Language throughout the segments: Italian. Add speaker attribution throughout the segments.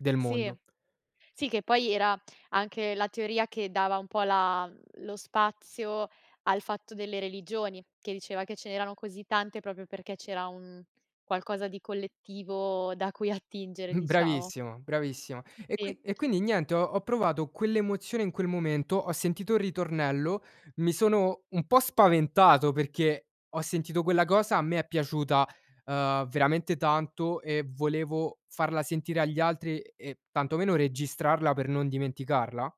Speaker 1: Del
Speaker 2: Sì,
Speaker 1: mondo.
Speaker 2: sì che poi era anche la teoria che dava un po' la lo spazio al fatto delle religioni, che diceva che ce n'erano così tante proprio perché c'era un qualcosa di collettivo da cui attingere, diciamo.
Speaker 1: Bravissimo bravissima.
Speaker 2: Sì,
Speaker 1: E
Speaker 2: sì.
Speaker 1: qui e quindi niente, ho ho provato quell'emozione in quel momento, ho sentito il ritornello, mi sono un po' spaventato perché ho sentito quella cosa, a me è piaciuta, uhm, veramente tanto e volevo farla sentire agli altri e e tanto meno registrarla per non dimenticarla.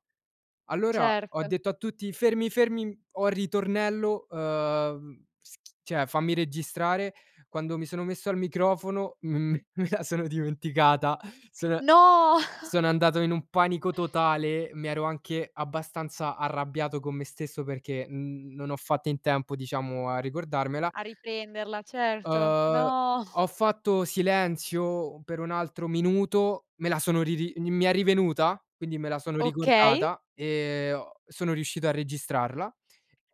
Speaker 1: Allora ho
Speaker 2: Certo.
Speaker 1: detto a tutti: "Fermi, fermi, ho il ritornello, uhm schi cioè fammi registrare". Quando mi sono messo al microfono, m me la sono dimenticata sono
Speaker 2: No.
Speaker 1: sono andato in un panico totale, mi ero anche abbastanza arrabbiato con me stesso perché n non ho fatto in tempo diciamo a ricordarmela.
Speaker 2: A riprenderla, certo.
Speaker 1: uhm,
Speaker 2: No.
Speaker 1: ho fatto silenzio per un altro minuto, me la sono ri ri mi è rivenuta, quindi me la sono
Speaker 2: Okay.
Speaker 1: ricordata e ho sono riuscito a registrarla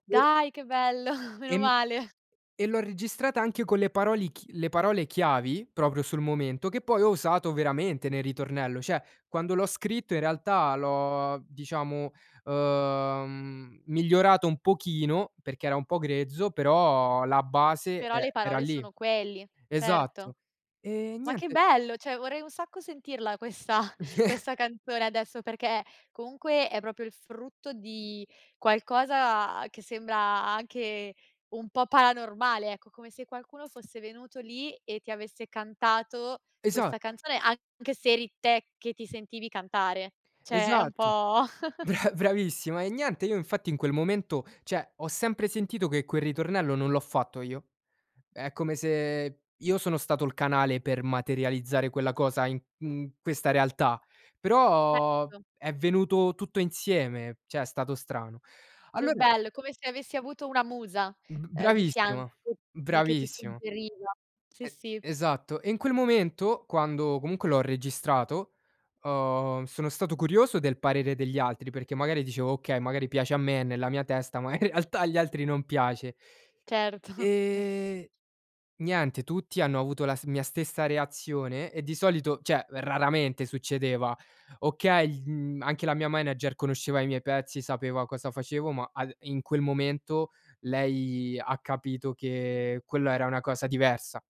Speaker 1: e
Speaker 2: Dai che bello,
Speaker 1: e
Speaker 2: meno
Speaker 1: m
Speaker 2: male.
Speaker 1: e l'ho registrata anche con le parole ch le parole chiavi proprio sul momento che poi ho usato veramente nel ritornello. Cioè, quando l'ho scritto in realtà l'ho, diciamo, uhm, migliorato un pochino perché era un po' grezzo, però la base
Speaker 2: Però
Speaker 1: e
Speaker 2: le
Speaker 1: era
Speaker 2: parole
Speaker 1: lì.
Speaker 2: sono quelli, certo.
Speaker 1: Esatto. E
Speaker 2: Ma che
Speaker 1: niente
Speaker 2: bello, cioè vorrei un sacco sentirla questa questa canzone adesso perché comunque è proprio il frutto di qualcosa che sembra anche un po' paranormale, ecco come se qualcuno fosse venuto lì e ti avesse cantato
Speaker 1: Esa
Speaker 2: questa canzone anche se eri te che ti sentivi cantare, cioè è un
Speaker 1: esatto,
Speaker 2: po'
Speaker 1: bra bravissima. E niente, io infatti in quel momento cioè, ho sempre sentito che quel ritornello non l'ho fatto io. È come se io sono stato il canale per materializzare quella cosa in in questa realtà, però
Speaker 2: Certo.
Speaker 1: è venuto tutto insieme, cioè è stato strano.
Speaker 2: Che
Speaker 1: Allora
Speaker 2: bello, come se avessi avuto una musa,
Speaker 1: B
Speaker 2: uhm, di fianco
Speaker 1: bravissima,
Speaker 2: che ti che ti
Speaker 1: bravissima.
Speaker 2: suggeriva. Sì
Speaker 1: E
Speaker 2: sì.
Speaker 1: esatto. E in quel momento, quando comunque l'ho registrato, uhm, sono stato curioso del parere degli altri, perché magari dicevo: "Okay, magari piace a me è nella mia testa, ma in realtà agli altri non piace".
Speaker 2: Certo.
Speaker 1: E niente, tutti hanno avuto la st la mia stessa reazione e di solito cioè, raramente succedeva. Okay, mhmm, anche la mia manager conosceva i miei pezzi, sapeva cosa facevo, ma al in quel momento lei ha capito che quello era una cosa diversa.